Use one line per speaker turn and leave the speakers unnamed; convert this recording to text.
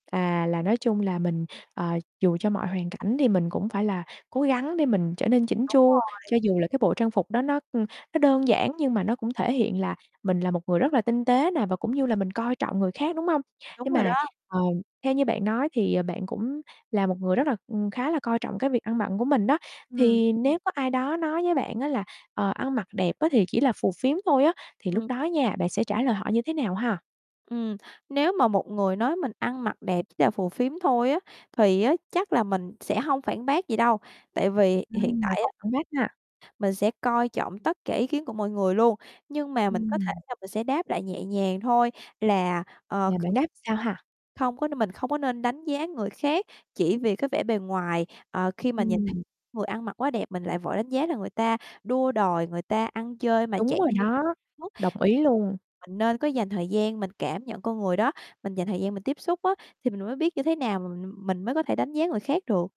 À, là nói chung là mình, ờ, dù cho mọi hoàn cảnh thì mình cũng phải là cố gắng để mình trở nên chỉn
Đúng
chu,
rồi.
cho dù là cái bộ trang phục đó nó nó đơn giản nhưng mà nó cũng thể hiện là mình là một người rất là tinh tế nè, và cũng như là mình coi trọng người khác, đúng hông?
Đúng
Nhưng
rồi
mà,
đó.
ờ, theo như bạn nói thì, ờ, bạn cũng là một người rất là, ừ, khá là coi trọng cái việc ăn bận của mình đó,
Ừm.
thì nếu có ai đó nói với bạn á là "Ờ, ăn mặc đẹp á thì chỉ là phù phiếm thôi" á thì lúc
Ừm.
đó nha, bạn sẽ trả lời họ như thế nào ha?
Ừm, nếu mà một người nói mình ăn mặc đẹp chỉ là phù phiếm thôi á, thì á chắc là mình sẽ hông phản bác gì đâu, tại vì hiện
Ừm, là
tại
không
á
phản bác ha.
mình sẽ coi trọng tất cả ý kiến của mọi người luôn. Nhưng mà mình có thể
Ừm.
là mình sẽ đáp lại nhẹ nhàng thôi là, ờ,
Và
kh
bạn đáp sao ha?
không có mình không có nên đánh giá người khác chỉ vì cái vẻ bề ngoài, ờ, khi mà nhìn thấy
Ừm.
người ăn mặc quá đẹp mình lại vội đánh giá là người ta đua đòi người ta ăn chơi mà
Đúng
chạy
rồi
theo
đó,
mốt.
đồng ý luôn.
Mình nên có dành thời gian mình cảm nhận con người đó, mình dành thời gian mình tiếp xúc á, thì mình mới biết như thế nào mà mình mình mới có thể đánh giá người khác được.